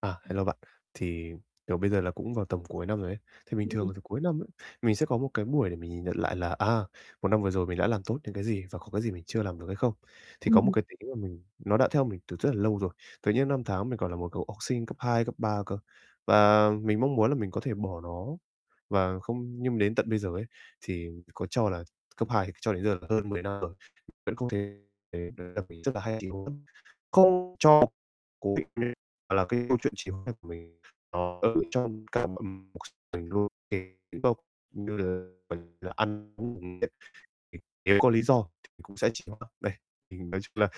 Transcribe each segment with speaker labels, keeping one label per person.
Speaker 1: À. Hello bạn. Thì, kiểu, bây giờ là cũng vào tầm cuối năm rồi ấy. Thì bình thường
Speaker 2: Ừm.
Speaker 1: là tầm cuối năm ấy, mình sẽ có một cái buổi để mình nhìn nhận lại là, à, một năm vừa rồi mình đã làm tốt những cái gì và có cái gì mình chưa làm được hay không. Thì có một
Speaker 2: Ừm.
Speaker 1: cái tính là mình nó đã theo mình từ rất là lâu rồi, từ những năm tháng mình còn là một cậu học sinh cấp 2, cấp 3 cơ, và mình mong muốn là mình có thể bỏ nó và không nhưng đến tận bây giờ ấy, thì có cho là cấp 2 thì cho đến giờ là hơn 10 năm rồi, vẫn không thể thể [unintelligible] rất là hay, kiểu, không cho cố định là cái câu chuyện trì hoãn của mình. Ờ, [unintelligible] nếu có lý do thì cũng sẽ chỉ có [unintelligible] đây. Thì mình nói chung là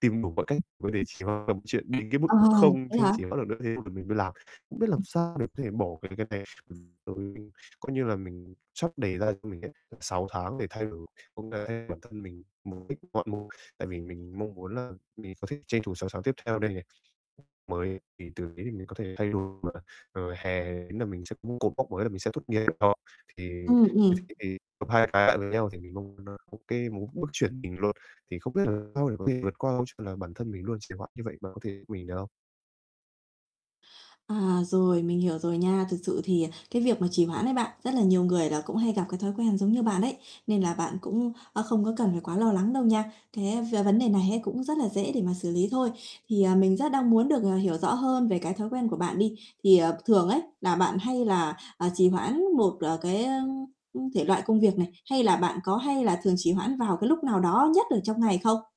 Speaker 1: tìm đủ mọi cách mà để trì hoãn là một chuyện đến cái mức
Speaker 2: Ồ,
Speaker 1: mà không mà không
Speaker 2: thế
Speaker 1: thể
Speaker 2: hả?
Speaker 1: trì hoãn được nữa bắt đầu nữa thế mình mình mới làm. Không biết làm sao để có thể bỏ cái cái này. [unintelligible] Coi như là mình sắp đề ra cho mình ấy, tận 6 tháng để thay đổi cũng là để bản thân mình, mục đích [unintelligible] tại vì mình mong muốn là mình có thể tranh thủ 6 tháng tiếp theo đây này, mới [unintelligible] thì từ đấy thì mình có thể thay đổi mà. Rồi hè ý là mình sẽ muốn cột mốc mới là mình sẽ tốt nghiệp đại học, thì
Speaker 2: Ừm, ừm.
Speaker 1: [unintelligible] thì gộp hai cái lại với nhau thì mình mong là nó ô kê, mình có bước chuyển mình luôn. Thì không biết làm sao để có thể vượt qua câu chuyện là bản thân mình luôn trì hoãn như vậy, bạn có thể giúp mình được không?
Speaker 2: À, rồi, mình hiểu rồi nha. Thực sự thì cái việc mà trì hoãn ấy bạn, rất là nhiều người là cũng hay gặp cái thói quen giống như bạn ấy, nên là bạn cũng, a, không có cần quá lo lắng đâu nha. Thế về vấn đề này ấy cũng rất là dễ để mà xử lý thôi. Thì, à, mình rất đang muốn được, à, hiểu rõ hơn về cái thói quen của bạn đi. Thì, ờ, thường ấy là bạn hay là, ờ, trì hoãn một, ờ, cái, ơ, ưm, thể loại công việc này, hay là bạn có hay là thường trì hoãn vào cái lúc nào đó nhất ở trong ngày không?